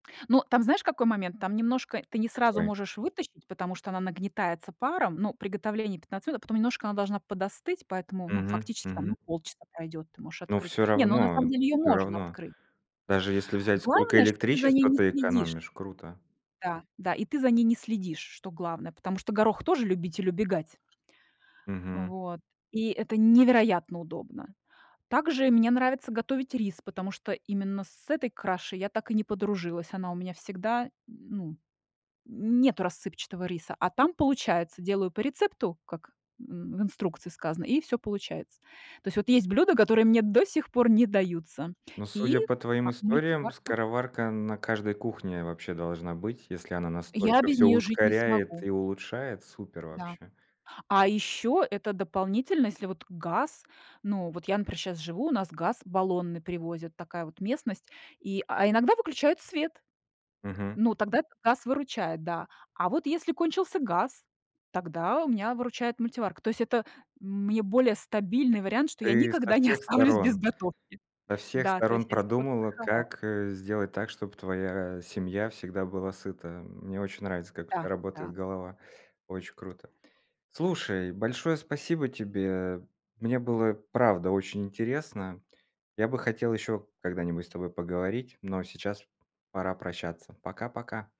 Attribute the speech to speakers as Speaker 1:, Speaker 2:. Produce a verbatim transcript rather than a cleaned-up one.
Speaker 1: Ну, там, знаешь, какой момент? Там немножко ты не сразу
Speaker 2: Какой?
Speaker 1: можешь вытащить, потому что она нагнетается паром, но приготовление пятнадцать минут, а потом немножко она должна подостыть, поэтому, ну,
Speaker 2: Мгм,
Speaker 1: фактически, там,
Speaker 2: мгм.
Speaker 1: ну, полчаса пройдёт, ты можешь
Speaker 2: Ну,
Speaker 1: открыть.
Speaker 2: всё
Speaker 1: Не, ну, на самом
Speaker 2: равно
Speaker 1: деле её
Speaker 2: всё
Speaker 1: можно
Speaker 2: равно.
Speaker 1: открыть.
Speaker 2: Даже если взять, сколько
Speaker 1: Главное, что ты за ней
Speaker 2: электричества
Speaker 1: не
Speaker 2: ты
Speaker 1: следишь.
Speaker 2: экономишь, круто.
Speaker 1: Да да, и ты за ней не следишь, что главное, потому что горох тоже любитель убегать
Speaker 2: Мгм.
Speaker 1: Вот, и это невероятно удобно. Также мне нравится готовить рис, потому что именно с этой крашей я так и не подружилась. Она у меня всегда, ну, нету рассыпчатого риса, а там, получается, делаю по рецепту, как н в инструкции сказано, и всё получается. То есть вот есть блюда, которые мне до сих пор не даются,
Speaker 2: Ну,
Speaker 1: и
Speaker 2: судя по твоим
Speaker 1: а
Speaker 2: историям,
Speaker 1: мультиварка
Speaker 2: скороварка на каждой кухне, вообще, должна быть, если она
Speaker 1: Я
Speaker 2: настолько
Speaker 1: без
Speaker 2: всё
Speaker 1: неё жить не
Speaker 2: ускоряет
Speaker 1: смогу.
Speaker 2: и улучшает. Супер
Speaker 1: Да.
Speaker 2: вообще.
Speaker 1: А ещё это дополнительно, если вот газ ну, вот я, например, щас живу, у нас газ баллонный привозят, такая вот местность, и а иногда выключают свет,
Speaker 2: Мгм.
Speaker 1: ну, тогда этот газ выручает, да. А вот если кончился газ, тогда у меня выручает мультиварка. То есть это мне более стабильный вариант, что я
Speaker 2: Ты со
Speaker 1: никогда не
Speaker 2: всех
Speaker 1: оставлюсь без
Speaker 2: сторон
Speaker 1: готовки.
Speaker 2: со всех
Speaker 1: Да, то есть
Speaker 2: сторон
Speaker 1: я ся
Speaker 2: продумала,
Speaker 1: подстраховала.
Speaker 2: как, э, сделать так, чтоб твоя семья всегда была сыта. Мне очень нравится,
Speaker 1: Да,
Speaker 2: как у тя
Speaker 1: да,
Speaker 2: работает
Speaker 1: да.
Speaker 2: голова. Очень круто. Слушай, большое спасибо тебе. Мне было, правда, очень интересно. Я бы хотел еще когда-нибудь с тобой поговорить, но сейчас пора прощаться. Пока-пока.